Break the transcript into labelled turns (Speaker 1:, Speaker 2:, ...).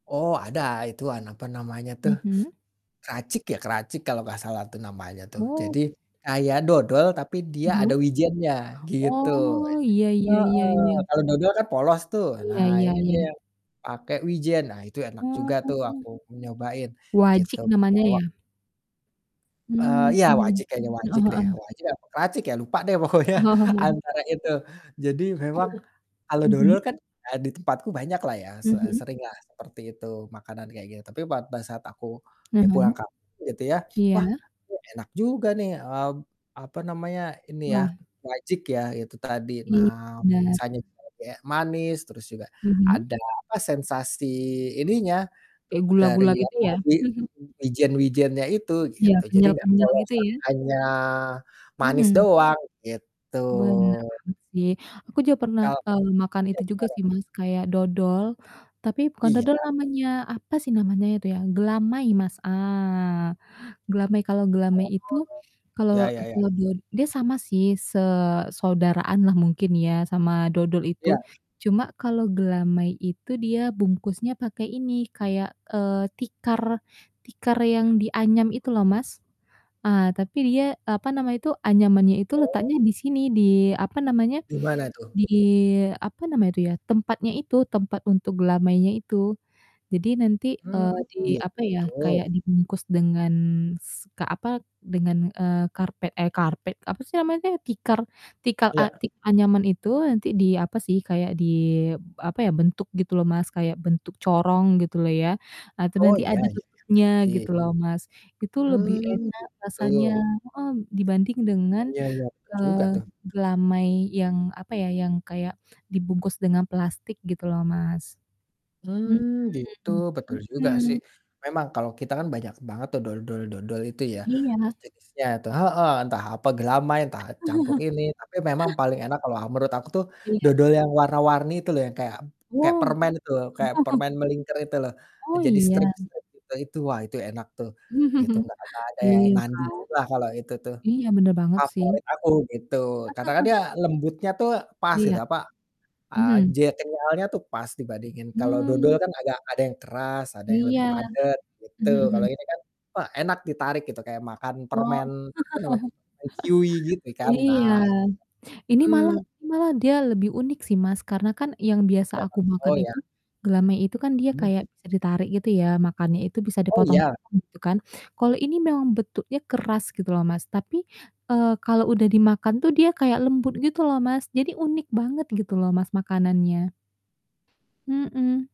Speaker 1: Oh, ada. Itu an apa namanya tuh
Speaker 2: Mhm.
Speaker 1: kracik ya? Kracik kalau nggak salah tuh namanya tuh.
Speaker 2: Oh.
Speaker 1: Jadi kayak dodol tapi dia
Speaker 2: Mhm.
Speaker 1: ada wijennya, gitu.
Speaker 2: Oh, iya iya
Speaker 1: Heeh,
Speaker 2: iya iya.
Speaker 1: kalau dodol kan polos tuh,
Speaker 2: Iya
Speaker 1: nah
Speaker 2: iya
Speaker 1: ini
Speaker 2: iya.
Speaker 1: dia pakai wijen. Nah itu enak juga tuh
Speaker 2: Oh.
Speaker 1: aku nyobain, gitu.
Speaker 2: Wajik namanya
Speaker 1: Bawa
Speaker 2: ya?
Speaker 1: Eee,
Speaker 2: Hmm,
Speaker 1: iya wajik
Speaker 2: mhm.
Speaker 1: kayaknya wajik
Speaker 2: Heeh
Speaker 1: deh,
Speaker 2: heeh.
Speaker 1: wajik apa kracik ya lupa deh, pokoknya
Speaker 2: Heeh.
Speaker 1: antara itu. Jadi memang kalau dodol
Speaker 2: Mhm.
Speaker 1: kan, ah, di tempatku banyaklah ya, se
Speaker 2: Mhm.
Speaker 1: seringlah seperti itu, makanan kayak gitu. Tapi pada saat aku, ya pulang
Speaker 2: Mhm.
Speaker 1: kampung gitu ya,
Speaker 2: Iya.
Speaker 1: "Wah, kok enak juga nih," eee, apa namanya, ini ya,
Speaker 2: Wah.
Speaker 1: wajik, ya, itu tadi.
Speaker 2: Ini
Speaker 1: Nah
Speaker 2: benar.
Speaker 1: rasanya itu lebih kayak manis, terus juga
Speaker 2: Mhm.
Speaker 1: ada apa, sensasi ininya
Speaker 2: Kayak
Speaker 1: dari
Speaker 2: gula-gula gitu
Speaker 1: apa,
Speaker 2: ya?
Speaker 1: wi wijen-wijennya itu
Speaker 2: Iya,
Speaker 1: gitu. Jadi nggak
Speaker 2: kenyal-kenyal gitu
Speaker 1: polosan,
Speaker 2: ya?
Speaker 1: hanya manis
Speaker 2: Mhm.
Speaker 1: doang, gitu.
Speaker 2: Bener banget sih. Aku juga pernah,
Speaker 1: Kal
Speaker 2: eee, makan
Speaker 1: iya,
Speaker 2: itu juga
Speaker 1: gimana?
Speaker 2: sih, Mas, kayak dodol, tapi bukan
Speaker 1: Iya.
Speaker 2: dodol namanya. Apa sih namanya itu, ya? Gelamai, Mas. Ah! Gelamai. Kalau gelamai
Speaker 1: Oh,
Speaker 2: itu
Speaker 1: ya
Speaker 2: kalau
Speaker 1: ya ya.
Speaker 2: kalau do dia sama sih, se saudaraanlah mungkin ya sama dodol itu.
Speaker 1: Iya.
Speaker 2: Cuma kalau gelamai itu dia bungkusnya pakai ini kayak, eee, tikar tikar yang dianyam itu loh, Mas. Ah, tapi dia, apa nama itu, anyamannya itu
Speaker 1: Oh.
Speaker 2: letaknya di sini, di apa namanya,
Speaker 1: Di mana tuh?
Speaker 2: di apa namanya itu ya, tempatnya itu, tempat untuk gelamainya itu. Jadi nanti,
Speaker 1: Hmm,
Speaker 2: eee, di apa ya,
Speaker 1: gitu.
Speaker 2: kayak dibungkus dengan s ka apa, dengan, eee, karpet eh karpet, apa sih namanya tuh? Tikar tikar a
Speaker 1: Iya.
Speaker 2: tik anyaman itu. Nanti di apa sih, kayak di apa ya, bentuk gitu loh, Mas, kayak bentuk corong gitu loh ya. Ah, itu
Speaker 1: Oh,
Speaker 2: nanti
Speaker 1: iya
Speaker 2: ada
Speaker 1: iya,
Speaker 2: tutupnya gitu
Speaker 1: pasti.
Speaker 2: loh, Mas. Itu lebih
Speaker 1: Mmm,
Speaker 2: enak rasanya,
Speaker 1: gitu.
Speaker 2: heeh, dibanding dengan,
Speaker 1: Iya iya iya, betul juga
Speaker 2: eee,
Speaker 1: tuh.
Speaker 2: gelamai yang apa ya, yang kayak dibungkus dengan plastik gitu loh, Mas. Mhm,
Speaker 1: Mmm, gitu, betul juga sih.
Speaker 2: mhm.
Speaker 1: Memang kalau kita kan banyak banget tuh dodol-dodol itu ya,
Speaker 2: Iya.
Speaker 1: sejenisnya itu, heeh, entah apa gelamai, entah campur ini. Tapi memang paling enak kalau, eee, menurut aku tuh
Speaker 2: Iya.
Speaker 1: dodol yang warna-warni itu loh, yang kayak kayak
Speaker 2: Wow.
Speaker 1: permen itu loh, kayak permen melingker itu loh, eee,
Speaker 2: Oh,
Speaker 1: jadi
Speaker 2: iya?
Speaker 1: strip-strip itu. Itu, wah itu enak tuh gitu, nggak nggak ada yang
Speaker 2: Iya kan.
Speaker 1: nandinginlah kalau itu tuh,
Speaker 2: Iya, bener banget sih.
Speaker 1: favorit aku, gitu. Karena kan dia lembutnya tuh pas gitu,
Speaker 2: Iya.
Speaker 1: apa, eee,
Speaker 2: Mhm.
Speaker 1: je kenyalnya tuh pas dibandingin kalau dodol
Speaker 2: Hmm.
Speaker 1: kan agak ada yang keras, ada yang
Speaker 2: Iya.
Speaker 1: lebih padat gitu.
Speaker 2: Mhm
Speaker 1: Kalau
Speaker 2: mhm.
Speaker 1: ini kan, wah enak ditarik gitu, kayak makan
Speaker 2: Oh,
Speaker 1: permen apa nama [unintelligible] chewy gitu kan. Nah
Speaker 2: iya.
Speaker 1: itu.
Speaker 2: Ini malah
Speaker 1: Mhm.
Speaker 2: malah dia lebih unik sih, Mas, karena kan yang biasa aku
Speaker 1: [unintelligible] Oh,
Speaker 2: makan
Speaker 1: iya.
Speaker 2: itu, gelamai itu kan dia
Speaker 1: Hmm.
Speaker 2: kayak bisa ditarik gitu ya, makannya itu bisa
Speaker 1: Oh, iya?
Speaker 2: dipotong-potong gitu kan. Kalau ini memang bentuknya keras gitu loh, Mas, tapi, eee, kalau udah dimakan tuh dia kayak lembut gitu loh, Mas. Jadi unik banget gitu loh, Mas, makanannya. Mhm.